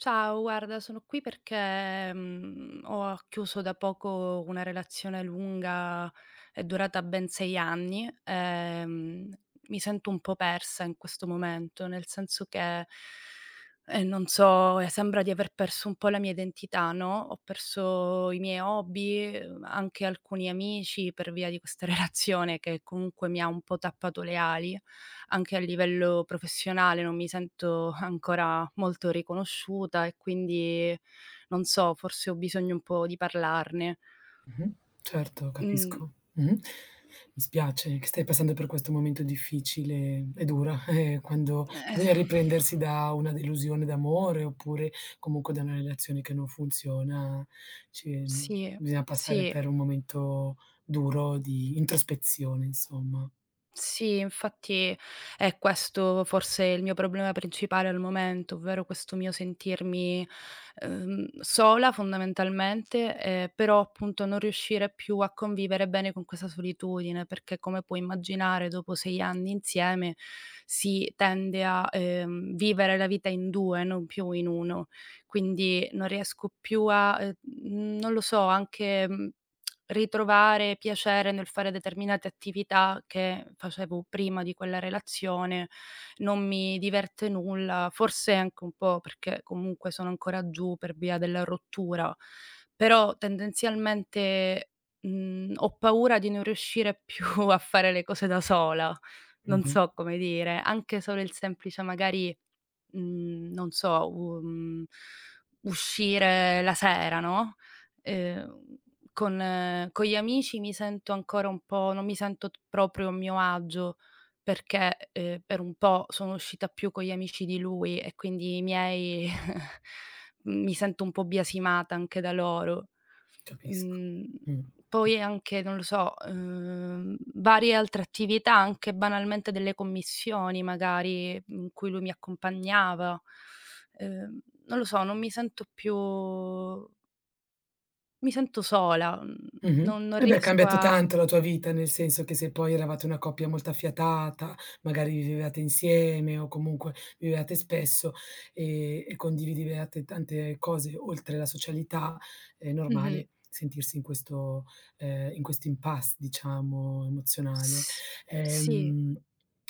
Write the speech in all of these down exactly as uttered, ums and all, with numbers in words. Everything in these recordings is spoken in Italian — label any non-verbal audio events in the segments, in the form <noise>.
Ciao, guarda, sono qui perché, mhmm, ho a chiuso da poco una relazione lunga, è durata ben sei anni. Ehm, mi sento un po' persa in questo momento, nel senso che, <breath> ehm, non so, sembra di aver perso un po' la mia identità, no, ho perso i miei hobby, uhm, anche alcuni amici, per via di questa relazione che comunque mi ha un po' tappato le ali. Anche a livello professionale, non mi sento ancora molto riconosciuta e quindi non so, forse ho bisogno un po' di parlarne. Mh-mh. Certo, Mh. capisco. Mh-mh. M m Mi spiace che stai passando per questo momento difficile. È dura, eh, quando Eh, esa bisogna riprendersi <lip trill> da una delusione d'amore, oppure, comunque da una relazione che non funziona, ci Sì, bisogna passare sì. per un momento duro di introspezione, insomma. Sì, infatti, è questo forse il mio problema principale al momento, ovvero questo mio sentirmi, uhm, sola fondamentalmente, ehm, però appunto non riuscire più a convivere bene con questa solitudine, perché come puoi immaginare dopo sei anni insieme si tende a, ehm, vivere la vita in due, non più in uno. Quindi, non riesco più a, ehm, mhmm, non lo so, anche, mhmm, <clicks tongue> ritrovare piacere nel fare determinate attività che facevo prima di quella relazione. Non mi diverte nulla, forse anche un po' perché comunque sono ancora giù per via della rottura. Però, tendenzialmente, mhmm, ho paura di non riuscire più a fare le cose da sola, non Mh-mh. so come dire, anche solo il semplice magari, mhmm, non so, u mhmm, uscire la sera, no, ehm, con con gli amici mi sento ancora un po', non mi sento p proprio a mio agio perché, ehm, per un po' sono uscita più con gli amici di lui, e quindi i miei <chuckles> mi sento un po' biasimata anche da loro. Capisco. Mhmm, Mh. poi anche non lo so, uhm, varie altre attività, anche banalmente delle commissioni magari, in cui lui mi accompagnava. Ehm, non lo so, non mi sento più Mi sento sola, mhmm, Mh-mh. non non Eh beh, è riesco cambiata a tanto la tua vita, nel senso che se poi eravate una coppia molto affiatata, magari vivevate insieme o comunque vi vedeate spesso, ehm, e condivideviate tante cose oltre la socialità, è Mh-mh. normale sentirsi in questo ehm, in questo impasse, diciamo, emozionale. S sì. Ehm,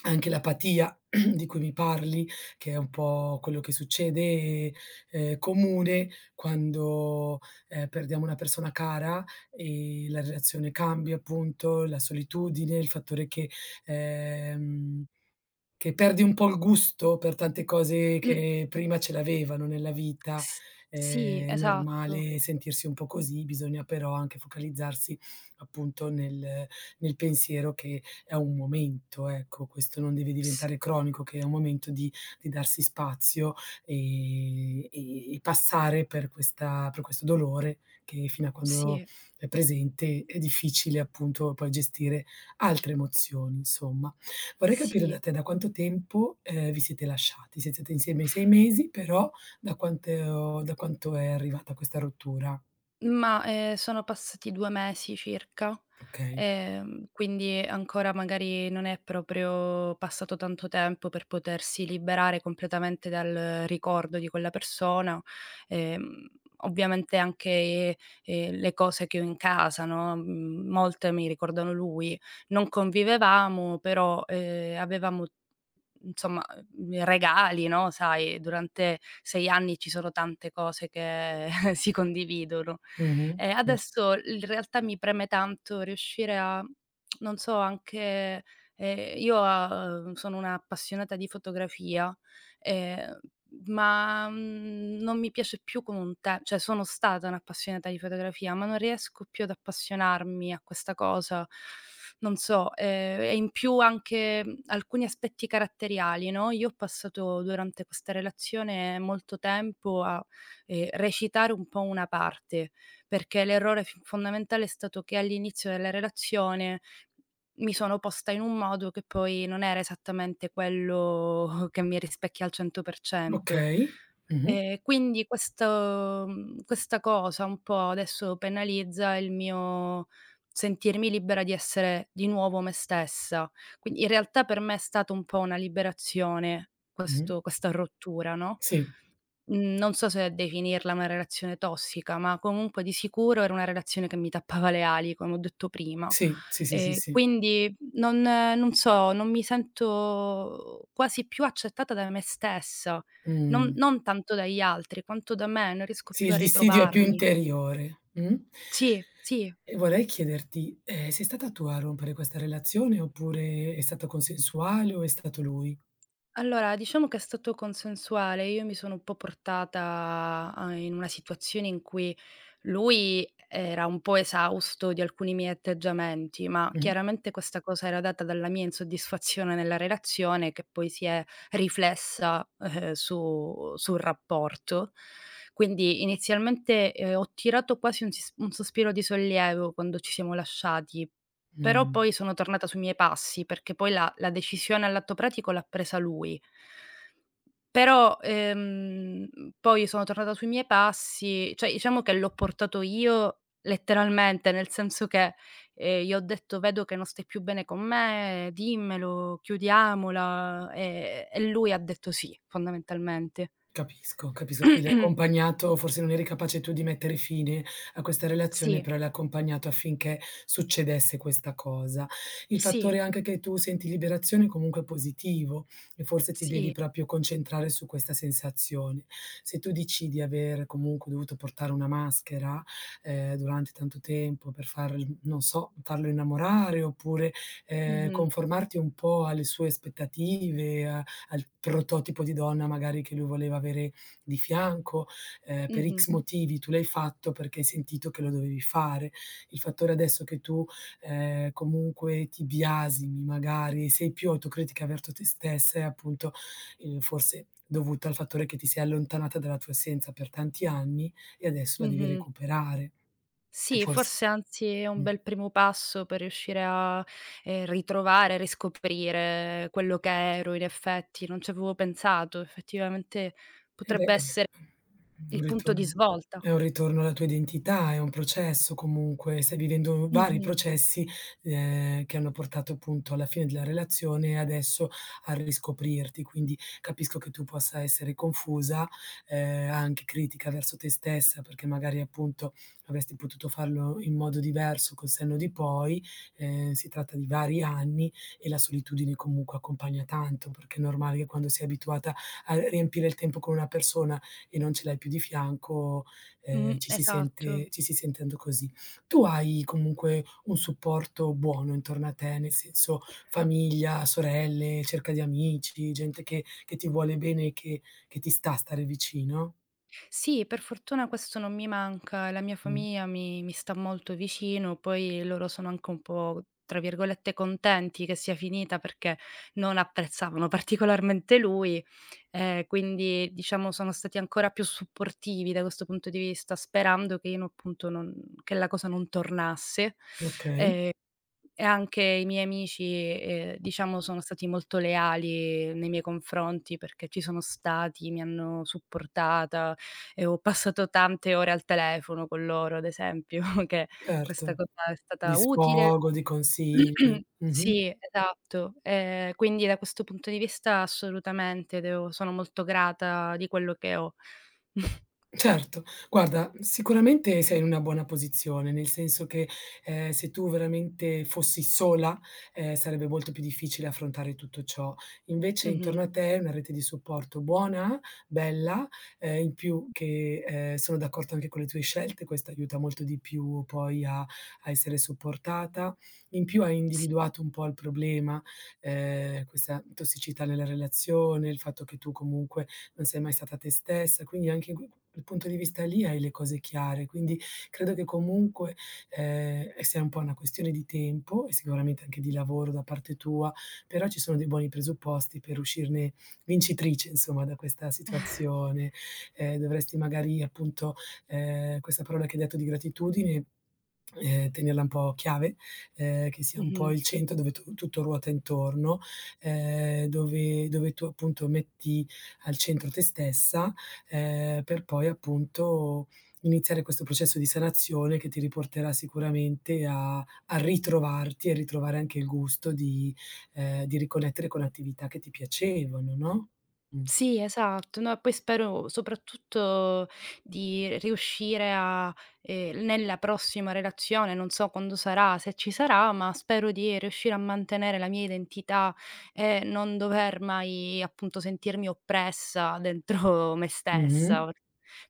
anche l'apatia <clears throat> di cui mi parli, che è un po' quello che succede, è comune quando, ehm, perdiamo una persona cara, ehm, la relazione cambia, appunto, la solitudine, il fattore che ehm, che perdi un po' il gusto per tante cose Mh. che prima ce l'avevano nella vita. S Ehm, sì, è esatto. normale sentirsi un po' così, bisogna però anche focalizzarsi appunto nel nel pensiero che è un momento, ecco, questo non deve S diventare cronico, che è un momento di di darsi spazio e e e passare per questa per questo dolore che fino a quando Sì. è presente è difficile, appunto, poi gestire altre emozioni, insomma. Vorrei capire da Sì. te da quanto tempo, ehm, vi siete lasciati. <unintelligible> insieme sei mesi, però da quanteo da quanto è arrivata questa rottura? Ma, ehm, sono passati due mesi circa, Okay. ehm, quindi ancora magari non è proprio passato tanto tempo per potersi liberare completamente dal ricordo di quella persona. Ehm, ovviamente anche, ehm, le cose che ho in casa, no, mhmm, molte mi ricordano lui. Non convivevamo, però, ehm, avevamo nzomma, uhm, i regali, no, sai, durante sei anni ci sono tante cose che <chuckles> si condividono. Mh-mh. E Cer adesso il realtà mi preme tanto riuscire a <clicks tongue> non so, anche ehm, io a uhm, sono un'appassionata di fotografia, ehm, ma, mhmm, non mi piace più come un te ceh sono stata un'appassionata di fotografia, ma non riesco più ad appassionarmi a questa cosa. Non so. Ehm, e in più anche, mhmm, alcuni aspetti caratteriali, no. Io ho passato durante questa relazione molto tempo a, ehm, recitare un po' una parte, perché l'errore f fondamentale è stato che all'inizio della relazione mi sono posta in un modo che poi non era esattamente quello <chuckles> che mi rispecchia al cento per cento. Okay. Mh-mh. Ehm, quindi questo mhmm, questa cosa un po' adesso penalizza il mio sentirmi libera di essere di nuovo me stessa. Quind in realtà per me è stata un po' una liberazione Mh-mh. questo questa rottura, no. Sì. Mhmm, non so se definirla una relazione tossica, ma comunque di sicuro era una relazione che mi tappava le ali, come ho detto prima. Sì. Sì, sì, sì, Ehm, sì. quindi non non so, non mi sento quasi più accettata da me stessa, non Mh. non tanto dagli altri quanto da me. Non riesco Sì, più il a dissidio è più ritrovarmi. interiore. Mh? Sì, sì. E vorrei chiederti: ehm, sei stata tu a rompere questa relazione, oppure è stato consensuale, o è stato lui? Allora, diciamo che è stato consensuale. Io mi sono un po' portata a in una situazione in cui lui era un po' esausto di alcuni miei atteggiamenti, ma Mh. chiaramente questa cosa era data dalla mia insoddisfazione nella relazione, che poi si è riflessa, ehm, su sul rapporto. Quindi inizialmente, ehm, ho tirato quasi un sis un sospiro di sollievo quando ci siamo lasciati. Però Mh. poi sono tornata sui miei passi, perché poi la la decisione all'atto pratico l'ha presa lui però, ehm, mhmm, poi sono tornata sui miei passi. Cioè iciamo che l'ho portato io letteralmente, nel senso che, ehm, gli ho detto: "Vedo che non stai più bene con me. Dimmelo. Chiudiamola." Ehm, e lui ha detto: "Sì." Fondamentalmente. Capisco, capiso. Sì, l'hai <clears throat> accompagnato forse non eri capace tu di mettere fine a questa relazione, Sì. però l'hai accompagnato affinché succedesse questa cosa. Il Sì. fattore anche che tu senti liberazione, comunque è positivo e forse ti devi Sì. propio concentrare su questa sensazione. Se tu dici di aver comunque dovuto portare una maschera, ehm, durante tanto tempo per farl non so, farlo innamorare oppure, ehm, Mh-mh. conformarti un po' alle sue aspettative, a al prototipo di donna magari che lui voleva avere di fianco, ehm, per Mh-mh. X motivi tu l'hai fatto perché hai sentito che lo dovevi fare. Il fattore adesso che tu, ehm, comunque ti biasimi, magari sei più autocritica verto te stessa è appunto, ehm, forse dovuto al fattore che ti sei allontanata dalla tua essenza per tanti anni e adesso la devi Mh-mh. recuperare e Sì, forse forse anzi è un mh. bel primo passo per riuscire a, ehm, ritrovare, riscoprire quello che ero in effetti. Non c'avevo pensato. Effettivamente Eh, beh, potrebbe essere <unintelligible> un il punto di ritorno svolta. è un ritorno alla tua identità. È un processo comunque. Stai vivendo vari Mh-mh. processi, ehm, che hanno portato appunto alla fine della relazione e adesso a riscoprirti. Quindi capisco che tu possa essere confusa, ehm, anche critica verso te stessa, perché magari appunto avesti potuto farlo in modo diverso col senno di poi. Ehm, si tratta di vari anni e la solitudine comunque accompagna tanto, perché è normale che quando sei abituata a r riempire il tempo con una persona e non ce l'hai più di fianco, ehm, Mh, ci si esatto. sente ci si sente anto così. Tu hai comunque un supporto buono intorno a te, nel senso famiglia, sorelle, cerca di amici, gente che che ti vuole bene e che che ti sta stare vicino? Sì, per fortuna questo non mi manca. La mia Mh. famia mi mi sta molto vicino, poi loro sono anche un po', tra virgolette, "contenti" che sia finita perché non apprezzavano particolarmente lui, ehm, quindi, diciamo sono stati ancora più supportivi da questo punto di vista, sperando che io n appunto non che la cosa non tornasse, <inhales> Okay. e e anche i miei amici, e, ehm, diciamo sono stati molto leali nei miei confronti perché ci sono stati, mi hanno supportata e ho passato tante ore al telefono con loro, ad esempio che questa erto. cosa è Di stata utile. sfogo, di consigli. <clears throat> Mh-mh. Sì, esatto, ehm, quindi da questo punto di vista assolutamente devo sono molto grata di quello che ho. <chuckles> Certo, guarda, sicuramente sei una buona posizione, nel senso che, ehm, se tu veramente fossi sola, ehm, sarebbe molto più difficile affrontare tutto ciò. Invece, Mh-mh. intorno a te, hai una rete di supporto buona, bella, ehm, in più che, ehm, sono d'accorto anche con le tue scelte, questo aiuta molto di più poi a a essere supportata. In più hai Si. individuato un po' il problema, ehm, questa, mhmm, tossicità nella relazione, il fatto che tu comunque non sei mai stata te stessa, quindi anche in q q il punto di vista lì hai le cose chiare, quindi credo che comunque, ehm, e sia un po' una questione di tempo e sicuramente anche di lavoro da parte tua, però ci sono dei buoni presupposti per uscirne vincitrice, insomma, da questa <chuckles> situazione, ehm, dovresti magari, appunto, ehm, questa parola che hai detto, di gratitudine, <clicks tongue> ehm, tenerla un po' chiave, ehm, che sia un po' Mh-mh. il centro dove tu tutto ruota intorno, ehm, dove dove tu appunto metti al centro te stessa, ehm, per poi appunto iniziare questo processo di sanazione che ti riporterà sicuramente a a ritrovarti e ritrovare anche il gusto di, ehm, di riconnettere con attività che ti piacevano, no, mh. Sì, esatto. No, poi spero soprattutto di riuscire a, ehm, nella prossima relazione, non so quando sarà, se ci sarà, ma spero di riuscire a mantenere la mia identità e non dover mai appunto sentirmi oppressa dentro me Mh-mh. stessa,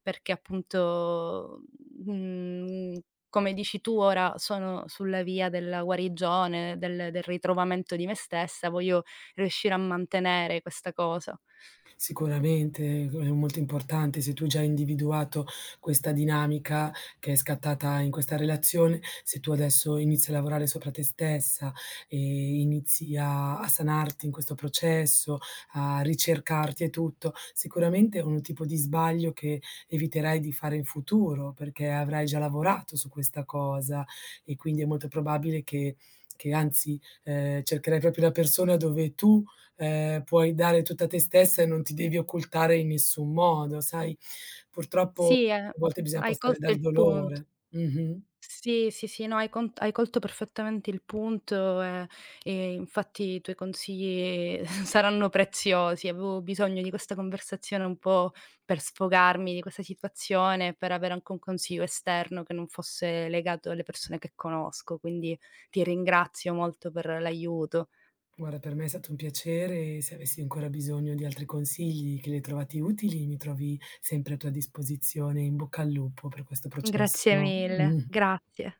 perché appunto, mhmm, come dici tu ora sono sulla via della guarigione, del del ritrovamento di me stessa, voglio riuscire a mantenere questa cosa. Sicuramente e g è molto importante se tu già hai individuato questa dinamica che è scattata in questa relazione, se tu adesso inizi a lavorare sopra te stessa e inizi a a sanarti in questo processo, a ricercarti e tutto, sicuramente è un tipo di sbaglio che eviterai di fare in futuro perché avrai già lavorato su questa cosa e quindi è molto probabile che che anzi, ehm, cercherai proprio la persona dove tu, ehm, puoi dare tutta te stessa e non ti devi occultare in nessun modo, sai, purtroppo Sì, ehm, a volte bisogna hai passare colto dal il punt dolore. Mh-mh. Sì, sì, sì, no hai con hai colto perfettamente il punto, ehm, e infatti i tuoi consigli <chuckles> saranno preziosi, avevo bisogno di questa conversazione un po' per sfogarmi di questa situazione, per avere anche un consiglio esterno che non fosse legato alle persone che conosco, quindi, ti ringrazio molto per l'aiuto. Guarda, per me è stato un piacere e se avessi ancora bisogno di altri consigli che li hai trovati utili, mi trovi sempre a tua disposizione, in bocca al lupo per questo Grazie processo. mille, Mh. grazie.